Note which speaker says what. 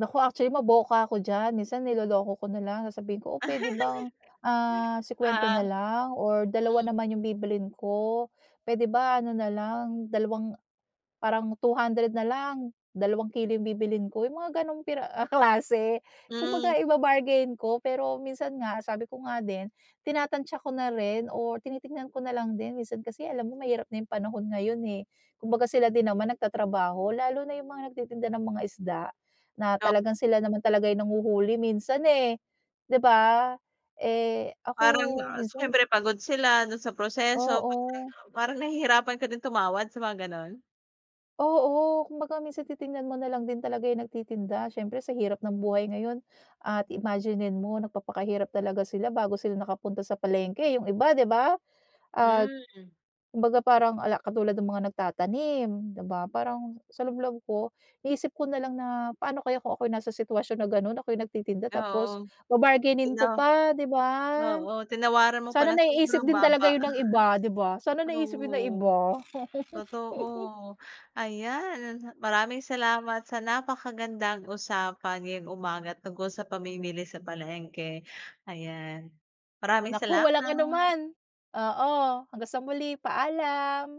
Speaker 1: Naku, actually, maboka ako diyan. Minsan niloloko ko na lang, sabihin ko, "Oh, puwede bang, ah, ₱50 na
Speaker 2: Oo.
Speaker 1: lang or dalawa
Speaker 2: Mhm.
Speaker 1: naman 'yong bibilhin ko. Puwede ba, ano na lang, dalawang, parang ₱200 na lang, dalawang kilo 'yong bibilhin ko." 'Yong mga gano'ng piraha ah, klase.
Speaker 2: Hmm.
Speaker 1: Kumbaga, iba-bargain ko, pero minsan nga, sabi ko nga din, tinatantiya ko na rin o tinitingnan ko na lang din. Minsan kasi alam mo, mahirap na 'yong panahon ngayon, eh. Kumbaga, sila din naman nagtatrabaho, lalo na 'yong mga nagtitinda ng mga isda na
Speaker 2: O
Speaker 1: talagang sila naman talaga 'yong nanghuhuli, minsan, eh, 'di ba? Eh, ako
Speaker 2: Parang, ah,
Speaker 1: minsan
Speaker 2: siyempre, pagod sila do'n sa proseso. Parang,
Speaker 1: Oo.
Speaker 2: parang nahihirapan ka din tumawad sa mga gano'n.
Speaker 1: Oo, kumbaga, minsan titingnan mo na lang din talaga 'yong nagtitinda. Siyempre, sa hirap ng buhay ngayon, at imaginin mo, nagpapakahirap talaga sila bago sila nakapunta sa palengke, eh, 'yong iba, 'di ba? Ah,
Speaker 2: Hmm.
Speaker 1: kumbaga, parang ala katulad ng mga nagtatanim, 'di ba, parang sa loob-loob ko, iisip ko na lang na paano kaya kung ako nasa sitwasyon na gano'n, ako'y nagtitinda,
Speaker 2: Oo,
Speaker 1: tapos ba-bargainin
Speaker 2: tino
Speaker 1: ko pa, 'di ba?
Speaker 2: Oo, tinawaran mo pa
Speaker 1: Sana
Speaker 2: nang
Speaker 1: naiisip
Speaker 2: sobrang
Speaker 1: din
Speaker 2: baba.
Speaker 1: talaga ’yon ng iba, 'di ba? Sana naisip ’yon ng
Speaker 2: True.
Speaker 1: iba.
Speaker 2: Totoo. Ayan, nanha maraming salamat sa napakagandang usapan ngayong umaga tungkol sa pamimili sa palengke. Ayan, maraming
Speaker 1: Naku, walang
Speaker 2: salamat.
Speaker 1: anuman. Oo, hanggang sa muli, paalam.